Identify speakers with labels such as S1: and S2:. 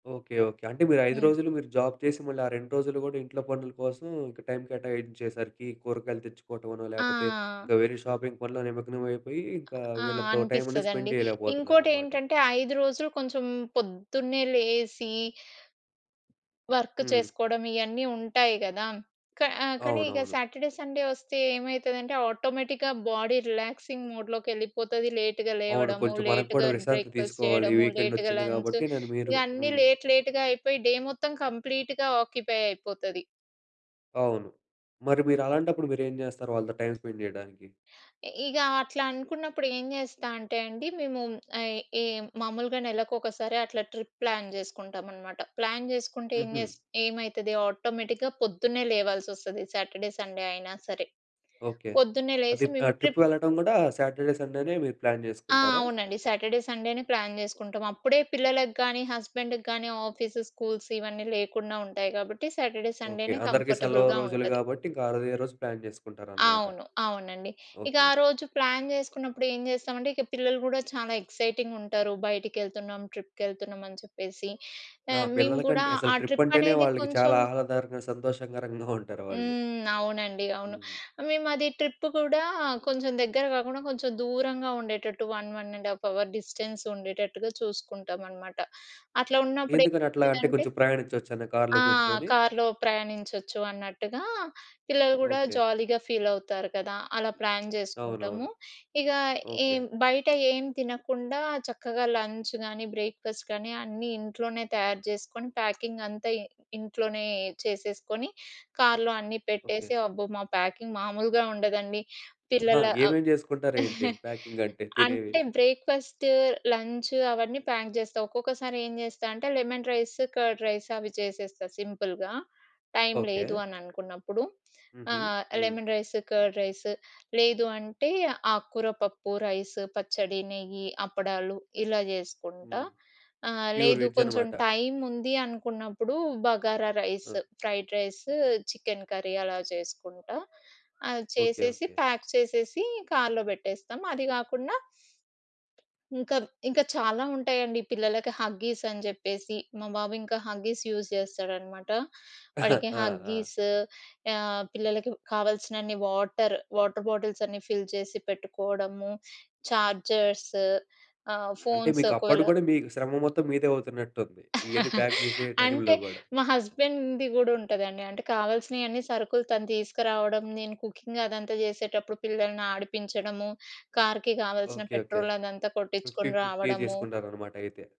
S1: Okay. Okay. అంటే మీరు 5
S2: హ్మ్.
S1: రోజులు మీరు జాబ్ చేసి మళ్ళీ ఆ 2 రోజులు కూడా ఇంట్లో పనుల కోసం ఇంకా టైం కేటాయించే సరికి కూరగాయలు తెచ్చుకోవటమనో లేకపోతే
S2: ఆ!
S1: ఇంకా వేరే షాపింగ్ పనులు నిమగ్నమయిపోయి ఇంకా
S2: ఆ!
S1: వీళ్ళతో టైమనేది
S2: అనిపిస్తది
S1: స్పెండ్
S2: అండి.
S1: చేయలేకపోతున్నారనమాట.
S2: ఇంకోటేంటంటే 5 రోజులు కొంచెం పొద్దున్నే లేసి... వర్క్
S1: హ్మ్.
S2: చేసుకోవడం ఇయన్నీ ఉంటాయి కదా! క కానీ ఇగ
S1: అవునవును.
S2: సాటర్‌డే, సండే వస్తే ఏమైతదంటే ఆటోమేటిక్‌గా బాడీ రిలాక్సింగ్ మోడ్‌లోకెళ్ళిపోతది. లేట్‌గా
S1: అవును.
S2: లేవడము.
S1: కొంచెం మనకు కూడా
S2: లేట్‌గా
S1: విశ్రాంతి
S2: బ్రేక్ఫాస్ట్
S1: తీసుకోవాలి.
S2: చేయడము.
S1: వీకెండ్
S2: లేట్‌గా
S1: ఒచ్చింది
S2: లంచ్
S1: కాబట్టి నేను మీరు
S2: ఇవన్నీ
S1: హ్మ్.
S2: లేట్ లేట్‌గా అయిపోయి డే మొత్తం కంప్లీట్‌గా ఆక్యుపై అయిపోతది.
S1: అవును. మరి మీరలాంటప్పుడు మీరు ఏం చేస్తారు? వాళ్ళతో టైం స్పెండ్ చేయడానికి?
S2: ఇ ఇగ అట్లా అనుకున్నప్పుడు ఏం చేస్తా అంటె అండి. మేము ఈ, ఈ మామూలుగా నెలలకొకసారి అట్లా ట్రిప్ ప్లాన్ చేసుకుంటామన్నమాట. ప్లాన్ చేసుకుంటే ఏం
S1: హుహు.
S2: జేస్ ఏం ఏమైతది ఆటోమేటిక్‌గా పొద్దున్నే లేవాల్సోస్తది. సాటర్‌డే, సండే అయినా సరే.
S1: ఓకే.
S2: పొద్దున్నే
S1: అది
S2: లేసి మేము
S1: ఆహ్, ట్రిప్
S2: ట్రిప్
S1: వెళ్ళడం కూడా సాటర్‌డే, సండే‌నే మీరు ప్లాన్
S2: ఆ!
S1: చేసుకుంటారా?
S2: అవునండి. సాటర్‌డే, సండేనే ప్లాన్ చేసుకుంటాం అప్పుడే పిల్లలకి గానీ హస్బెండ్‌కి గానీ ఆఫీస్, స్కూల్స్ ఇవన్నీ లేకుండా ఉంటాయి కాబట్టి సాటర్‌డే,
S1: ఓకే.
S2: సండేనే
S1: అందరికీ సెలవు
S2: కంఫర్టబుల్‌గా
S1: రోజులు
S2: ఉంటది.
S1: కాబట్టి ఇంకా ఆ రోజుది ఏ రోజు ప్లాన్ చేసుకుంటారన్నమాట.
S2: అవును. అవునండి. ఇక
S1: ఓకే.
S2: ఆరోజు ప్లాన్ చేసుకున్నప్పుడు ఏం జేస్తామంటే ఇక పిల్లలు కూడా చాలా ఎక్సైటింగ్‌గా ఉంటరు. బయటికెళ్తున్నాం ట్రిప్‌కెళ్తున్నామని చెప్పేసి
S1: నా
S2: ఆహ్, మేము కూడా
S1: పిల్లలకంటే అసలు
S2: ఆ
S1: ట్రిప్
S2: ట్రిప్
S1: అంటేనే
S2: అనేది
S1: వాళ్ళకి చాలా
S2: కొంచెం
S1: ఆహ్లాదారకంగా, సంతోషకరంగా ఉంటారు వాళ్ళు.
S2: హ్మ్. అవునండి. అవును.
S1: హ్మ్.
S2: మేమది ట్రిప్ కూడా కొంచెం దగ్గర కాకుండా కొంచెం దూరంగా ఉండేటట్టు 1, 1.1/2 అవర్ డిస్టెన్స్ ఉండేటట్టుగా చూసుకుంటామనమాట. అట్లా ఉన్నప్పుడు
S1: ఎందుకని అట్లా అంటే
S2: ఏమైతదంటే
S1: కొంచెం ప్రయాణించొచ్చనా? కార్లో
S2: ఆ!
S1: కూర్చొని?
S2: కార్‌లో ప్రయాణించొచ్చు అన్నట్టుగా పిల్లలు కూడా
S1: ఓకే.
S2: జాలీగా ఫీల్ అవుతారు కదా! అలా ప్లాన్ చేసుకుంటాము.
S1: అవునవును.
S2: ఇగ
S1: ఓకే.
S2: ఏం బయట ఏం తినకుండా చక్కగా లంచ్ గానీ బ్రేక్ఫాస్ట్ గానీ అన్నీ ఇంట్లోనే తయారు చేసుకొని ప్యాకింగ్ అంతా ఇ ఇంట్లోనే చేసేసుకొని కార్లో అన్నీ
S1: ఓకే.
S2: పెట్టేసి అబ్బో! మా ప్యాకింగ్ మామూలుగా ఉండదండి.
S1: ఆహా!
S2: పిల్లల అ
S1: ఏమేమి చేసుకుంటారు ఏంటి? ప్యాకింగంటే తినేవి.
S2: అంటే బ్రేక్ఫాస్టు, లంచు అవన్నీ ప్యాక్ చేస్తా. ఒక్కొక్కసారి ఏం చేస్తా అంటే లెమన్ రైస్, కర్డ్ రైస్ అవి చేసేస్తా సింపుల్‌గా. టైం లేదు
S1: ఓకే.
S2: అని అనుకున్నప్పుడు. ఆ!
S1: హుహు. హ్మ్.
S2: లెమన్ రైస్, కర్డ్ రైస్ లేదు అంటే ఆకుకూర పప్పు, రైసు, పచ్చడి, నెయ్యి, అప్పడాలు ఇలా చేసుకుంటా.
S1: హ్మ్.
S2: ఆ!
S1: ప్యూర్
S2: లేదు.
S1: వెజ్
S2: కొంచెం
S1: అన్నమాట.
S2: టైం ఉంది అనుకున్నప్పుడు బగారా రైసు,
S1: ఆ!
S2: ఫ్రైడ్ రైసు, చికెన్ కర్రీ అలా చేసుకుంటా. అది
S1: ఓకే.
S2: చేసేసి
S1: ఓకే.
S2: ప్యాక్ చేసేసి కార్‌లో పెట్టేస్తాం. అది కాకుండా ఇంకా ఇంకా చాలా ఉంటాయండి. పిల్లలకి హగ్గీస్ అని చెప్పేసి. మా బాబు ఇంకా హగ్గీస్ యూజ్ చేస్తాడన్నమాట. వాడికి
S1: ఆ! ఆ!
S2: హగ్గీసు ఆహ్, పిల్లలకి కావాల్సినన్ని వాటరు. వాటర్ బాటిల్స్ అన్నీ ఫిల్ చేసి పెట్టుకోవడము. ఛార్జర్సు ఆహ్,
S1: అంటే
S2: ఫోన్స్
S1: మీకు అప్పుడు
S2: ఒకవేళ
S1: గూడా మీ శ్రమ మొత్తం మీదే అవుతున్నట్టుంది. ఇయన్నీ ప్యాక్ చేసే
S2: అంటే
S1: టైంలో గూడా.
S2: మా హస్బెండ్‌ది కూడా ఉంటదండి. అంటే కావాల్సినయన్నీ సరుకులు తను తీసుకురావడం. నేను కుకింగ్ అదంతా చేసేటప్పుడు పిల్లల్ని ఆడిపించడము. కార్‌కి కావాల్సిన
S1: ఓకే. ఓకే.
S2: పెట్రోల్ అదంతా
S1: ఫిఫ్టీ
S2: కొట్టించుకొని
S1: ఫిఫ్టీ
S2: రావడము.
S1: చేసుకుంటారన్నమాట అయితే.